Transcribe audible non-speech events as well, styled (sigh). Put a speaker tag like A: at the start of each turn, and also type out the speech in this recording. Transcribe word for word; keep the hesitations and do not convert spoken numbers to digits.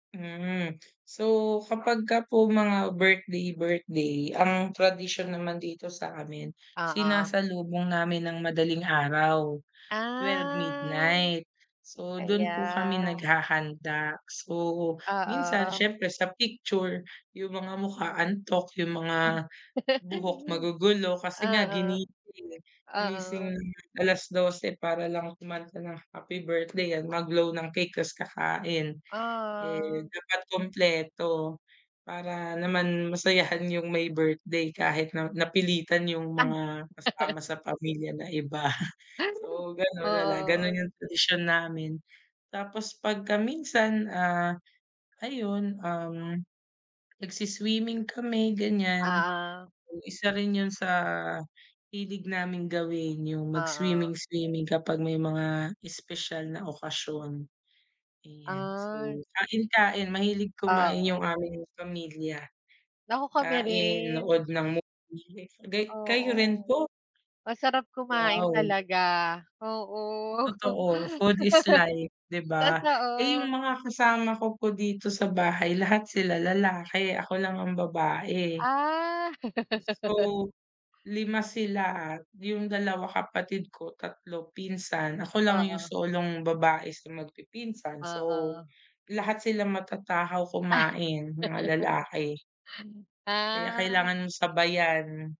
A: Mm, so kapagka po mga birthday-birthday ang tradisyon naman dito sa amin,
B: Oo.
A: sinasalubong namin ng madaling araw, twelve
B: Ah,
A: midnight. So, dun
B: kaya.
A: po kami naghahanda. So, minsan
B: Oo.
A: siyempre sa picture, yung mga mukha antok yung mga buhok
B: (chuckles)
A: magugulo kasi nga
B: Oo.
A: ginising, eh, gumising
B: Oo.
A: ng alas dose para lang kumanta ng happy birthday at mag-blow ng cake ta's kakain. Eh,
B: Ah.
A: dapat kumpleto para naman masayahan yung may birthday kahit na napilitan yung
B: Ah
A: mga
B: (laughs)
A: kasama sa pamilya na iba, (chuckles) so ganun na lang, ganun
B: Oo.
A: yung tradisyon namin. Tapos pagka minsan, ah, ayun um, nag-swi-swimming kami ganyan,
B: Oo.
A: yung isa rin yun sa hilig naming gawin, yung
B: Oo.
A: mag-swimming-swimming kapag may mga espesyal na okasyon, ayan.
B: Ay.
A: So, kain-kain, mahilig kumain
B: Oo.
A: yung aming pamilya,
B: Naku kami
A: kain,
B: rin.
A: nood ng movie gay kayo
B: Oo,
A: rin po?
B: masarap kumain
A: Wow.
B: talaga, oo.
A: Totoo, food is life
B: (laughs)
A: 'di ba? Eh,
B: Totoo.
A: yung mga kasama ko po dito sa bahay lahat sila lalaki, ako lang ang babae.
B: Ah. (laughs)
A: So, lima sila at yung dalawa kapatid ko, tatlo pinsan, ako lang yung
B: Oo.
A: solong babae sa magpipinsan so,
B: Oo.
A: lahat sila matatakaw
B: Ah.
A: kumain, mga
B: (giggles)
A: lalaki. Kaya
B: Ah.
A: kailangan sabayan.